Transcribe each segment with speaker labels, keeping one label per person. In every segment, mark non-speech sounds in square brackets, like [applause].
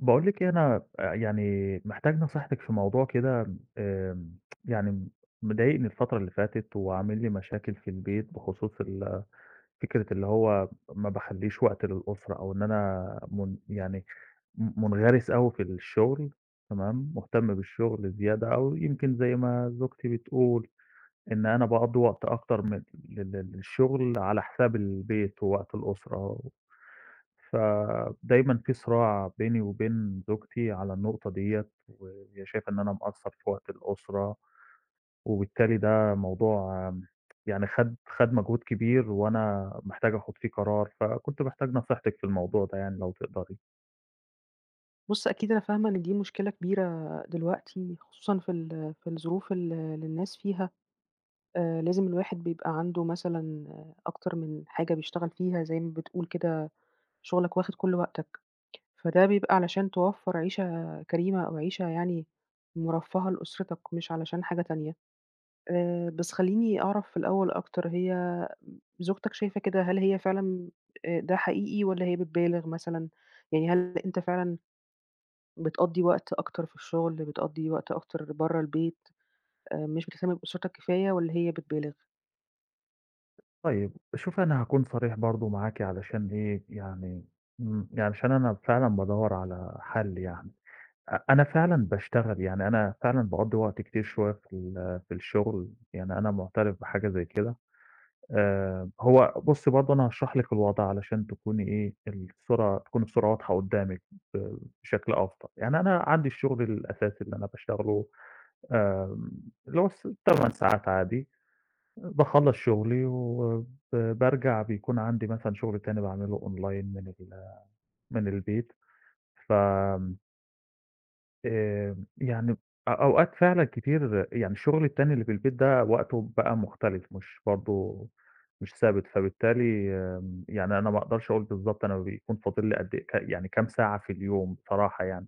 Speaker 1: باقول لِك إيه، أنا آآ، يعني، محتاج نصيحتِك في موضوع كده، آآ، [tsk] يعني، مضايقني الفترة اللي فاتت وعامل لي مشاكل في البيت بخصوص ال فكرة اللي هو ما باخلّيش وقت للأسرة أو إن أنا من يعني، م مُنغرِس أوي في الشغل، تمام، مُهتم بالشغل زيادة أوي. يمكن زي ما زوجتي بتقول إن أنا باقضي وقت أكتر من ل ل للشغل على حساب البيت ووقت الأسرة. فدايمًا في صراع بيني وبين زوجتي على النقطة ديّة، وهي شايفة إن أنا مقصّر في وقت الأسرة، وبالتالي ده موضوع، يعني خَد خَد مجهود كبير وأنا محتاج آخُد فيه قرار. فكنت محتاج نصيحتِك في الموضوع ده يعني لو تقدَري.
Speaker 2: بُصّ، أكيد أنا فاهمة إن دي مشكلة كبيرة دلوقتي خصوصًا في ال في الظروف ال اللي الناس فيها. آآ لازم الواحد بيبقى عنده مثلًا أكتر من حاجة بيشتغل فيها، زي ما بتقول كده شُغلك واخِد كلّ وقتك. فده بيبقى علشان توفّر عيشة كريمة أو عيشة يعني مُرفّهة لأُسرتك مش علشان حاجة تانية. آآ بس خلّيني أعرف في الأول أكتر، هي زوجتك شايفة كده، هل هي فعلًا آآ ده حقيقي، والّا هي بتبالغ مثلًا، يعني هل أنت فعلًا بتقضّي وقت أكتر في الشغل، بتقضّي وقت أكتر برّه البيت، آآ مش بتهتم بأُسرتك كفاية والّا هي بتبالغ؟
Speaker 1: طيب، شوفي أنا هاكون صريح برضه معاكِ علشان إيه، يعني امم، يعني علشان أنا فعلًا بادوّر على حَل يعني. أ أنا فعلًا باشتغل، يعني أنا فعلًا باقضّي وقت كتير شوية في ال في الشُغل، يعني أنا مُعترف بحاجة زي كده. آآ هو بُصّي برضه أنا هاشرح لِك الوضع علشان تكوني إيه، الصورة تكون الصورة واضحة قُدّامِك ب بشكل أفضل. يعني أنا عندي الشُغل الأساسي اللي أنا باشتغله آمم، اللي هو س ال8 ساعات عادي. آآ باخلّص شُغلي وب بارجع بيكون عندي مثلًا شُغل تاني باعمله online من ال من البيت، فم آمم يعني ب أ أوقات فعلًا كتير يعني شُغلي التاني اللي في البيت ده وقته بقى مختلف مش برضه مش ثابت، فبالتالي م يعني أنا ما أقدرش أقُول بالضبط أنا بيكون فاضل لي قد إيه ك يعني كام ساعة في اليوم بصراحة يعني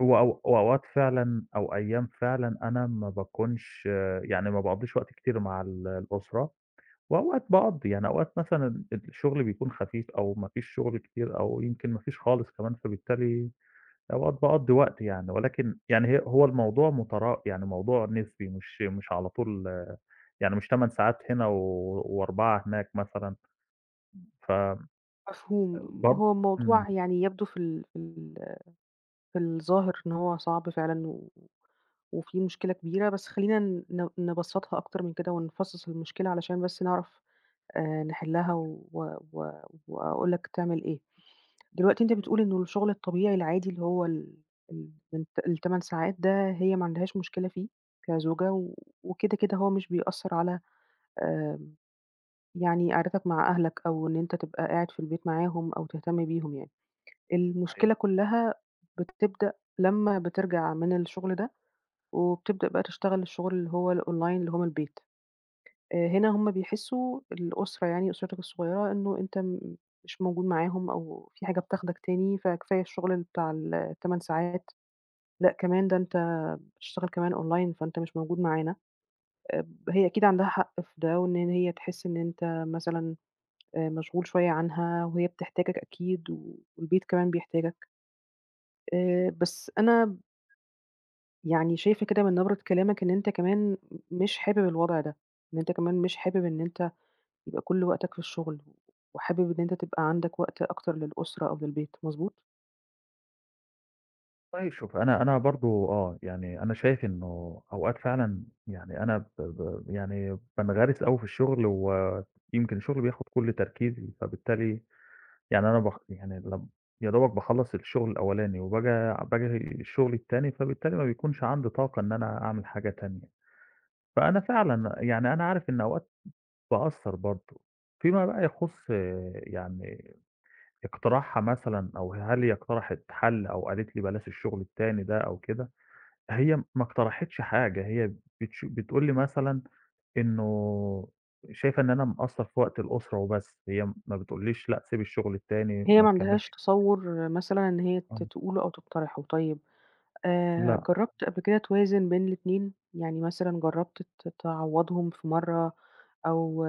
Speaker 1: وأو وأوقات فعلًا أو أيام فعلًا أنا ما باكونش يعني ما باقضّيش وقت كتير مع ال الأسرة وأوقات باقضّي، يعني أوقات مثلًا الشُغل بيكون خفيف أو ما فيش شُغل كتير أو يمكن ما فيش خالص كمان، فبالتالي أوقات باقضّي وقت يعني، ولكن يعني هي هو الموضوع مترا يعني موضوع نسبي مش مش على طول يعني مش 8 ساعات هنا و و4 هناك مثلًا. ف آآ
Speaker 2: مفهوم.
Speaker 1: بر
Speaker 2: هو
Speaker 1: إمم.
Speaker 2: الموضوع يعني يبدو في ال في ال في الظاهر إن هو صعب فعلًا و وفيه مشكلة كبيرة، بس خلّينا ن نبسّطها أكتر من كده ونفصّص المشكلة علشان بس نعرف آآ، نحلّها
Speaker 1: [unintelligible]
Speaker 2: و و وأقول لك تعمل إيه. دلوقتي أنت بتقول
Speaker 1: [unintelligible]
Speaker 2: إن الشُغل الطبيعي العادي اللي هو ال ال الت ال8 ساعات ده هي ما عندهاش مشكلة فيه كزوجة و وكده، كده هو مش بيأثّر على آمم، يعني قعدتك مع أهلك أو إن أنت تبقى قاعد في البيت معاهم أو تهتم بيهم يعني. المشكلة
Speaker 1: صحيح.
Speaker 2: كُلّها بتبدأ لمّا بترجع من الشُغل ده وبتبدأ بقى تشتغل الشُغل اللي هو الonline اللي هو من البيت. هنا هم بيحسّوا- الأسرة يعني أسرتك الصغيّرة- إنه أنت م مش موجود معاهم أو في حاجة بتاخدك تاني، فكفاية الشُغل بتاع ال ال8 ساعات، لأ كمان ده أنت بتشتغل كمان online، فأنت مش موجود معانا. اب هي أكيد عندها حق في ده وإن ن هي تحس إن أنت مثلًا آآ مشغول شوية عنها وهي بتحتاجك أكيد و والبيت كمان بيحتاجك. آآ بس أنا يعني شايفة كده من نبرة كلامك إن أنت كمان م مش حابب الوضع ده، إن أنت كمان مش حابب إن أنت يبقى كلّ وقتك في الشغل، وحابب إن أنت تبقى عندك وقت أكتر للأُسرة أو للبيت، مضبوط؟
Speaker 1: طيب شوفي أنا أنا برضه، آه، يعني، أنا شايف إنه أوقات فعلًا، يعني، أنا ب ب يعني، بانغرِس أوي في الشغل ويمكن شُغلي بياخد كلّ تركيزي. فبالتالي، يعني، أنا ب يعني، لم يادوبك باخلّص الشغل الأولاني وباجي باجي الشغل التاني، فبالتالي ما بيكونش عَندي طاقة إن أنا أعمل حاجة تانية. فأنا فعلًا، يعني، أنا عارف إن أوقات باقصّر برضه فيما بقى يخُصّ، يعني، اقتراحها مثلًا أو هل هي اقترحِت حَل أو قالت لي بلاش الشغل التاني ده أو كده، هي ما اقترحِتش حاجة، هي بتش بتقول لي مثلًا إنه، شايفة إن أنا مقصّر في وقت الأسرة وبس. هي ما بتقولّيش لأ سيب الشغل التاني،
Speaker 2: هي
Speaker 1: ما
Speaker 2: ما عندهاش
Speaker 1: تكمّلش
Speaker 2: تصوُّر مثلًا إن هي ت
Speaker 1: امم.
Speaker 2: تقوله أو تقترحه. طيب، آآ
Speaker 1: لأ.
Speaker 2: جرّبت قبْل كده توازُن بين الإتنين، يعني مثلًا جرّبت ت تعوّضهم في مرّة أو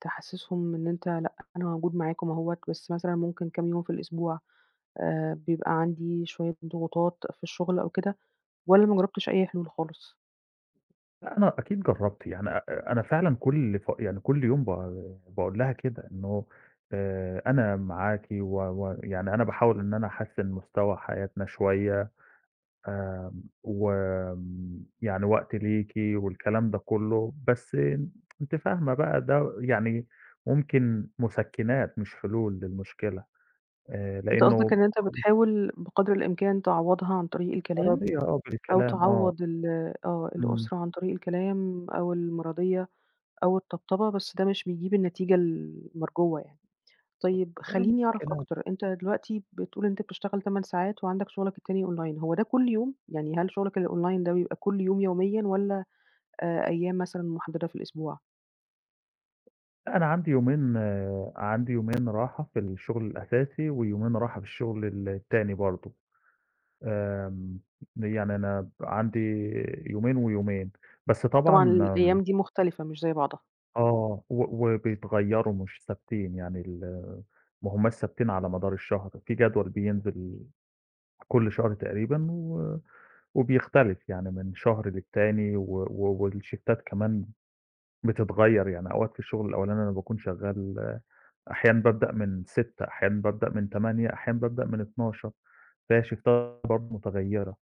Speaker 2: تحسّسهم إن أنت لأ، أنا موجود معاكم أهوّة، بس مثلًا ممكن كام يوم في الأسبوع آآ، بيبقى عندي شوية ضغوطات في الشغل أو كده، والّا ما جرّبتش أي حلول خالص؟
Speaker 1: لأ، أنا أكيد جرّبت، يعني آآ أنا فعلًا كل ف يعني كل يوم ب باقول لها كده إنه آآ "أنا معاكِ و ويعني أنا باحاول إن أنا أحسِّن مستوى حياتنا شوية آمم، وم يعني وقتي ليكِ." والكلام ده كُلّه، بس [tsk] أنتِ فاهمة بقى ده يعني ممكن مُسكِّنات مش حلول للمشكلة، آآ
Speaker 2: أنت قصدك
Speaker 1: لإنّه
Speaker 2: إن أنت
Speaker 1: خل
Speaker 2: بتحاول بقدر الإمكان تعوَّضها عن طريق الكلام
Speaker 1: أراضيها آه
Speaker 2: أو
Speaker 1: بالكلام، آه.
Speaker 2: تعوَّض ال آه،
Speaker 1: إمم.
Speaker 2: الأسرة عن طريق الكلام أو المِراضيّة أو الطبطبة، بس ده مش بيجيب النتيجة ال المرجوّة يعني. طيب
Speaker 1: ده
Speaker 2: خلّيني أعرف
Speaker 1: مُسكِّنات.
Speaker 2: أكتر، أنت دلوقتي بتقول أنت بتشتغل 8 ساعات وعندك شُغلك التاني online، هو ده كل يوم؟ يعني هل شُغلك الonline ده بيبقى كل يوم يوميًا والّا آآ، أيام مثلًا مُحدَّدة في الأسبوع؟
Speaker 1: لأ، أنا عندي يومين عندي يومين راحة في الشُغل الأساسي ويومين راحة في الشُغل ال التاني برضه. آمم، يعني أنا ب عندي يومين ويومين. بس
Speaker 2: طبعًا
Speaker 1: طبعًا
Speaker 2: الأيام دي مختلفة، مش زي بعضها.
Speaker 1: آه، و وبيتغيّروا مش ثابتين، يعني ال ما همّاش ثابتين على مدار الشهر. في جدول بينزل كل شهر تقريبًا و وبيختلف يعني من شهر للتاني و و والشفتات كمان بتتغيّر، يعني أوقات في الشُغل الأولاني أنا باكون شغاّل، أحيانًا بابدأ من 06:00، أحيانًا بابدأ من 08:00، أحيانًا بابدأ من 12:00، فهي الشفتات برضه مُتغيّرة.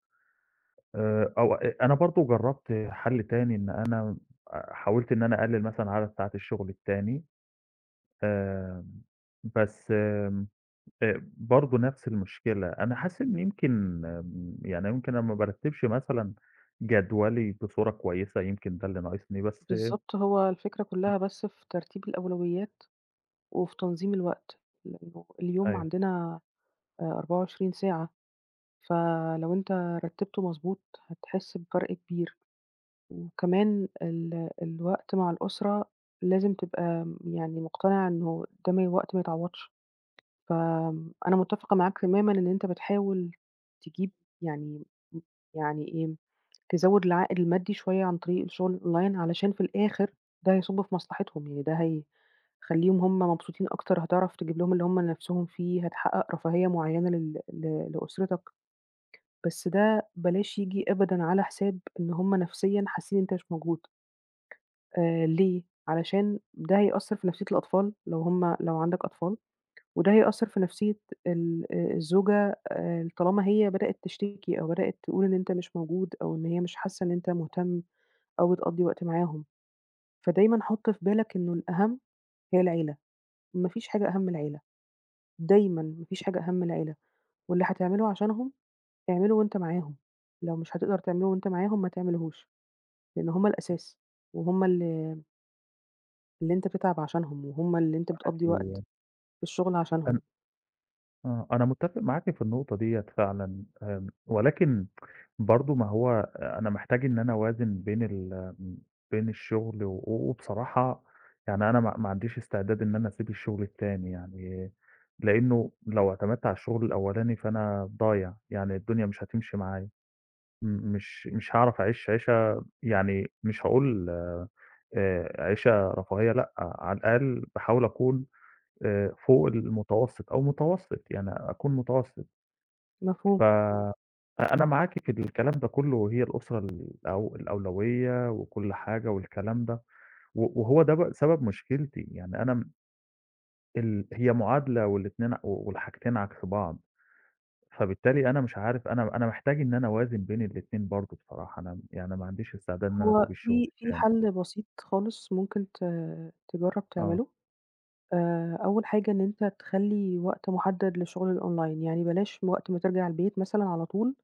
Speaker 1: آآ أو أ أنا برضه جرّبت حَل تاني إن أنا آآ حاولت إن أنا أقلِّل مثلًا عدد ساعات الشُغل التاني، آآ بس م آآ برضه نَفْس المشكلة. أنا حاسِس إن يمكن م يعني يمكن أنا ما بارتّبش مثلًا جدولي بصورة كويسة، يمكن ده اللي ناقصني، بس
Speaker 2: بالضبط، هو الفكرة كُلّها بس في ترتيب الأولويات وفي تنظيم الوقت، لإنّه اليوم
Speaker 1: أيوه.
Speaker 2: عندنا آآ 24 ساعة، فلو أنت رتّبته مضبوط هتحِس بفرق كبير. وكمان ال الوقت مع الأسرة لازم تبقى يعني مقتنع إنه ده م وقت ما يتعوّضش. فأنا متَّفقة معاك تمامًا إن أنت بتحاول تجيب يعني م يعني إيه، تزوّد العائد المادّي شوية عن طريق الشُغل الOnline علشان في الآخر ده هيصُب في مصلحتهم، يعني ده هيخلّيهم هم مبسوطين أكتر، هتعرف تجيب لهم اللي هم نِفْسهم فيه، هتحقّق رفاهية معيّنة لل ل لأسرتك. بس ده بلاش ييجي أبدًا على حساب إن هم نَفْسيًا حاسّين إن أنت مش موجود. آآ ليه؟ علشان ده هيأثّر في نَفْسية الأطفال لو هم لو عندك أطفال، وده هيأثّر في نَفْسية ال آآ الزوجة آآ طالما هي بدأت تشتكي أو بدأت تقول إن أنت مش موجود أو إن هي مش حاسّة إن أنت مهتم أو بتقضّي وقت معاهم. فدايمًا حُط في بالك إنه الأهَم هي العيلة، ما فيش حاجة أهَم من العيلة. دايمًا ما فيش حاجة أهَم من العيلة، واللي هتعمله عشانهم، اعمله وأنت معاهم، لو مش هتقدر تعمله وأنت معاهم ما تعملهوش، لإن هم الأساس، وهُم اللي اللي أنت بتتعب عشانهم وهُم اللي أنت
Speaker 1: معاكِ
Speaker 2: بتقضّي وقت في الشُغل
Speaker 1: أنا
Speaker 2: عشانهم.
Speaker 1: آه، أنا متّفق معاكِ في النقطة ديّة فعلًا آآ، ولكن [tsk] برضه ما هو أنا محتاج إن أنا أوازِن بين ال م بين الشُغل و وبصراحة يعني أنا ما ما عنديش استعداد إن أنا أسيب الشُغل التاني يعني لإنّه لو اعتمدت على الشُغل الأولاني، فأنا ضايع، يعني الدنيا مش هتمشي معايا م مش مش هاعرف أعيش عيشة يعني مش هاقول آآ، عيشة رفاهية لأ، على الأقل باحاول أكون آآ، فوق المتوسط أو متوسط، يعني أكون متوسط. ف
Speaker 2: مفهوم.
Speaker 1: أ أنا معاكِ في الكلام ده كُلّه وهي الأسرة الأو الأولوية وكل حاجة والكلام ده، و وهو ده ب سبب مشكلتي، يعني أنا م ال هي معادلة والاتنين والحاجتين عكس بعض، فبالتالي أنا مش عارف أنا أنا محتاج إن أنا أوازِن بين الاتنين برضه بصراحة أنا م يعني ما عنديش استعداد إن أنا
Speaker 2: هو
Speaker 1: أسيب الشُغل
Speaker 2: في في
Speaker 1: التاني.
Speaker 2: حَل بسيط خالص ممكن ت تجرّب
Speaker 1: آه.
Speaker 2: تعمله، آآ أول حاجة إن أنت تخلّي وقت مُحدَّد لشُغل الOnline، يعني بلاش وقت ما ترجع البيت مثلًا على طول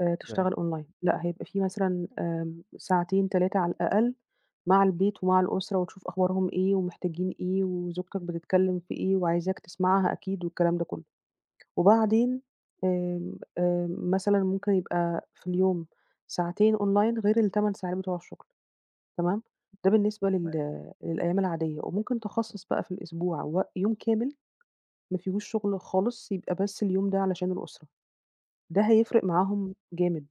Speaker 2: آآ
Speaker 1: فاهم.
Speaker 2: تشتغل Online لأ، هيبقى فيه مثلًا آمم ساعتين، 3 على الأقل مع البيت ومع الأسرة وتشوف أخبارهم إيه ومحتاجين إيه وزوجتك بتتكلِّم في إيه وعايزاك تسمعها أكيد والكلام ده كُلّه. وبعدين آمم، آآ، مثلًا ممكن يبقى في اليوم ساعتين Online غير ال8 ساعات بتوع الشُغل تمام، ده بالنسبة
Speaker 1: تما
Speaker 2: لل للأيام العادية، وممكن تخصَّص بقى في الأسبوع وق يوم كامل ما فيهوش شُغل خالص يبقى بس اليوم ده علشان الأسرة، ده هيفرق معاهم جامد.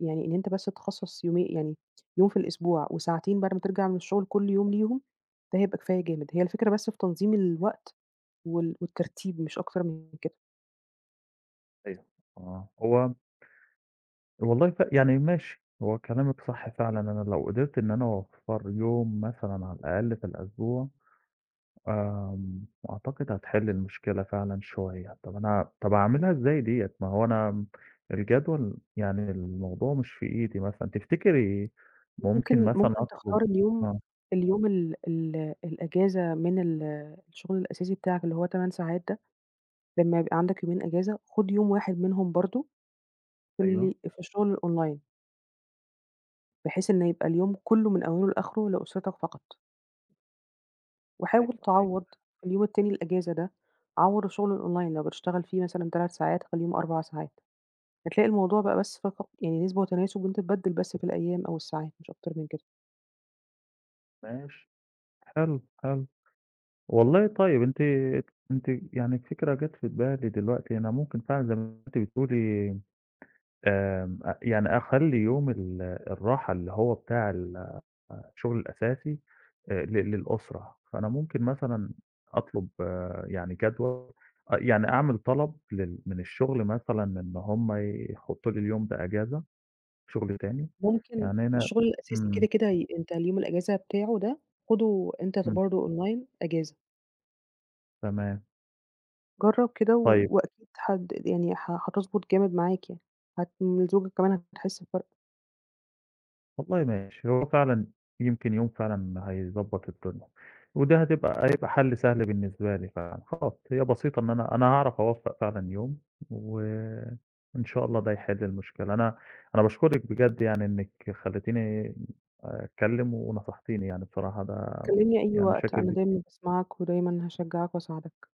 Speaker 2: يعني إن أنت بس تخصَّص يومي يعني يوم في الأسبوع وساعتين بعد ما ترجع من الشُغل كل يوم ليهم، ده هيبقى كفاية جامد، هي الفكرة بس في تنظيم الوقت وال والترتيب مش أكتر من كده.
Speaker 1: أيوه، آه، هو والله ف يعني ماشي، هو كلامِك صح فعلًا، أنا لو قدِرت إن أنا أوفّر يوم مثلًا على الأقل في الأسبوع آمم، أعتقد هتحِل المشكلة فعلًا شوية. طَب أنا طَب أعملها إزاي دِيّة؟ ما هو أنا م الجدول يعني الموضوع مش في إيدي مثلًا تفتكري ممكن
Speaker 2: ممكن
Speaker 1: مثلًا
Speaker 2: ممكن
Speaker 1: أطلُب
Speaker 2: تختار اليوم،
Speaker 1: آه.
Speaker 2: اليوم ال ال الأجازة من ال الشُغل الأساسي بتاعك اللي هو 8 ساعات ده، لمّا يبقى عندك يومين أجازة خُد يوم واحد منهم برضه
Speaker 1: أيوه.
Speaker 2: اللي في الشُغل الOnline بحيث إنه يبقى اليوم كلّه من أوله لآخره لأُسرتك فقط. وحاول
Speaker 1: أيوه، أيوه.
Speaker 2: تعوّض في اليوم التاني الأجازة ده، عوّض الشُغل الOnline لو بتشتغل فيه مثلًا 3 ساعات خلّيهم 4 ساعات، هتلاقي الموضوع بقى بس فقط يعني نِسبة وتناسُب وأنت تبدّل بس في الأيام أو الساعات مش أكتر من كده.
Speaker 1: ماشي. حلو، حلو. والله، طيب أنتِ ك أنتِ يعني الفكرة جات في بالي دلوقتي، أنا ممكن فعلًا زي ما أنتِ بتقولي آمم، أ يعني أخلّي يوم ال الراحة اللي هو بتاع ال أ شُغلي الأساسي آآ، ل للأُسرة، فأنا ممكن مثلًا أطلُب يعني جدول، آه يعني أعمل طلب لل من الشُغل مثلًا إن هُم يحطّوا لي اليوم ده أجازة شُغل تاني،
Speaker 2: ممكن
Speaker 1: يعني أنا
Speaker 2: الشُغل الأساسي
Speaker 1: إمم.
Speaker 2: كده، كده ي أنت اليوم الأجازة بتاعه ده خُده أنت ك
Speaker 1: إمم.
Speaker 2: برضه Online أجازة.
Speaker 1: تمام.
Speaker 2: جرّب كده و
Speaker 1: طيب
Speaker 2: وأكيد هد د يعني ه هتضبُط جامد معاك يعني، هت وزوجتك كمان هتحس بفرْق.
Speaker 1: والله ماشي، هو فعلًا يمكن يوم فعلًا هيضبّط الدنيا، وده هتبقى هيبقى حَل سهل بالنسبة لي فعلًا، حاضر هي بسيطة إن أنا، أنا هاعرف أوفّق فعلًا يوم و إن شاء الله ده يحِل المشكلة، أنا أنا باشكرِك بجد يعني إنِّك خلّيتيني أتكلّم ونصحتيني يعني الصراحة ده
Speaker 2: كلّمني أي
Speaker 1: يعني
Speaker 2: وقت
Speaker 1: شاكر
Speaker 2: أنا
Speaker 1: ليكِ ك
Speaker 2: دايمًا باسمعك ودايمًا هاشجّعك وأساعدك.